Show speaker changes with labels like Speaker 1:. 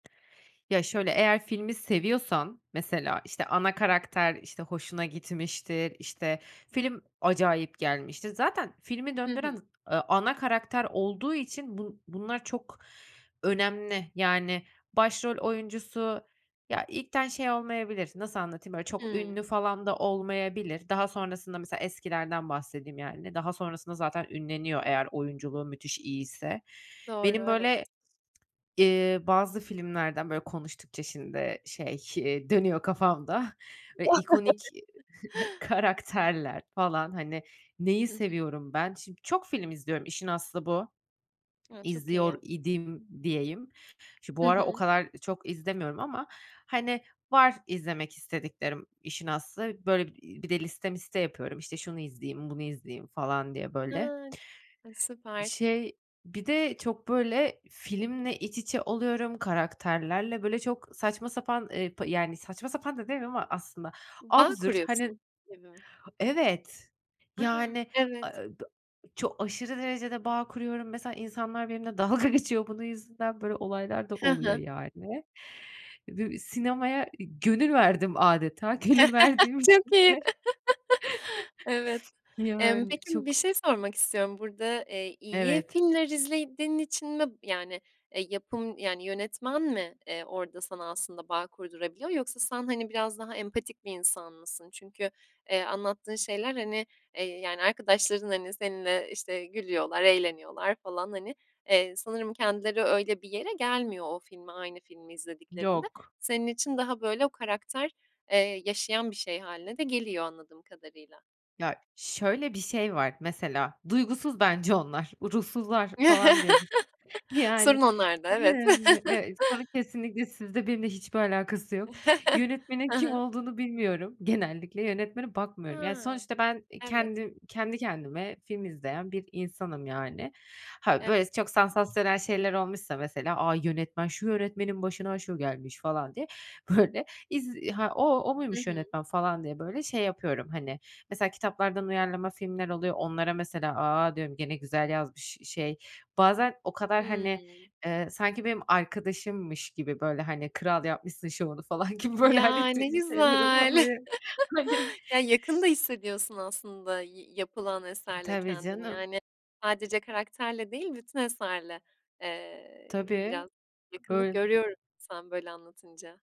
Speaker 1: Ya, şöyle, eğer filmi seviyorsan, mesela, işte, ana karakter, işte, hoşuna gitmiştir, işte, film acayip gelmiştir. Zaten filmi
Speaker 2: Hı
Speaker 1: döndüren,
Speaker 2: hı.
Speaker 1: ııı, ana karakter olduğu için bu bunlar çok önemli. Yani, başrol oyuncusu, ya, ilkten şey olmayabilir, nasıl anlatayım? Böyle, çok
Speaker 2: Hıı.
Speaker 1: ünlü falan da olmayabilir. Daha sonrasında, mesela, eskilerden bahsedeyim, yani, daha sonrasında zaten ünleniyor eğer oyunculuğu müthiş iyiyse.
Speaker 2: Doğru,
Speaker 1: Benim,
Speaker 2: evet.
Speaker 1: böyle, eee, bazı filmlerden, böyle, konuştukça şimdi şey, eee, dönüyor kafamda, böyle, ikonik karakterler falan, hani. Neyi
Speaker 2: Hı hı.
Speaker 1: seviyorum ben? Şimdi, çok film izliyorum, işin aslı bu.
Speaker 2: A! Çok
Speaker 1: İzliyor
Speaker 2: iyi.
Speaker 1: idim diyeyim. Şu
Speaker 2: Hı
Speaker 1: bu ara o
Speaker 2: hı.
Speaker 1: kadar çok izlemiyorum ama, hani, var izlemek istediklerim, işin aslı. Böyle, iii, bir de liste miste yapıyorum, işte, şunu izleyeyim, bunu izleyeyim falan diye, böyle.
Speaker 2: Ha. Ay, süper.
Speaker 1: Şey, bir de çok, böyle, filmle iç içe oluyorum. Karakterlerle, böyle, çok saçma sapan, ııı, pı yani, saçma sapan da demiyeyim ama aslında,
Speaker 2: Bağ
Speaker 1: absürt,
Speaker 2: kuruyorsun
Speaker 1: hani
Speaker 2: gibi.
Speaker 1: Evet,
Speaker 2: A!
Speaker 1: yani, aaa,
Speaker 2: Evet.
Speaker 1: dı çok aşırı derecede bağ kuruyorum. Mesela, insanlar benimle dalga geçiyor bunun yüzünden. Böyle olaylar da
Speaker 2: Hı
Speaker 1: oluyor,
Speaker 2: hı.
Speaker 1: yani. Du sinemaya gönül verdim âdeta Gönül verdiğim için de
Speaker 2: Çok iyi. Evet. Emm,
Speaker 1: Yani,
Speaker 2: peki, bir
Speaker 1: çok
Speaker 2: şey sormak istiyorum, burada, eee, iyi
Speaker 1: Evet.
Speaker 2: filmler izlediğin için mi, yani, eee, yapım, yani, yönetmen mi, eee, orada sana aslında bağ kurdurabiliyor yoksa sen, hani, biraz daha empatik bir insan mısın? Çünkü, eee, anlattığın şeyler, hani, eee, yani, arkadaşların, hani, seninle, işte, gülüyorlar, eğleniyorlar falan, hani. Eee, sanırım kendileri öyle bir yere gelmiyor o filme, aynı filmi izlediklerinde.
Speaker 1: Yok.
Speaker 2: Senin için daha, böyle, o karakter, eee, yaşayan bir şey hâline de geliyor, anladığım kadarıyla.
Speaker 1: Ya, şöyle bir şey var, mesela duygusuz bence onlar, ruhsuzlar falan, diyormuşum. Yani,
Speaker 2: Sorun onlarda, evet.
Speaker 1: yani. Ya, sorun kesinlikle sizde, benimle hiçbir alakası yok. Yönetmenin
Speaker 2: Hı
Speaker 1: kim
Speaker 2: hı.
Speaker 1: olduğunu bilmiyorum genellikle. Yönetmene bakmıyorum. Ya,
Speaker 2: Ha.
Speaker 1: sonuçta ben, eee,
Speaker 2: Evet.
Speaker 1: kendim kendi kendime film izleyen bir insanım, yani. Ha, böyle,
Speaker 2: Evet.
Speaker 1: çok sansasyonel şeyler olmuşsa, mesela, A! Yönetmen, şu yönetmenin başına şu gelmiş." falan diye, böyle, iz "Ha, o o
Speaker 2: Hı
Speaker 1: muymuş
Speaker 2: hı.
Speaker 1: yönetmen?" falan diye, böyle, şey yapıyorum, hani. Mesela, kitaplardan uyarlama filmler oluyor. Onlara mesela, "A!" diyorum, "Gene güzel yazmış, şey." Bazen o kadar, hani,
Speaker 2: Hıı.
Speaker 1: eee, sanki benim arkadaşımmış gibi, böyle, hani, kral yapmışsın şovunu, falan gibi, böyle,
Speaker 2: Ya,
Speaker 1: hani, ti
Speaker 2: ne
Speaker 1: şi şeylerim
Speaker 2: güzel.
Speaker 1: oluyor, hani
Speaker 2: Ya, yakın da hissediyorsun aslında yi yapılan eserle
Speaker 1: Tabii
Speaker 2: kendini.
Speaker 1: canım.
Speaker 2: Yani, sadece karakterle değil, bütün eserle, eee,
Speaker 1: Tabii,
Speaker 2: biraz yakınlık
Speaker 1: böyle
Speaker 2: görüyorum, sen böyle anlatınca.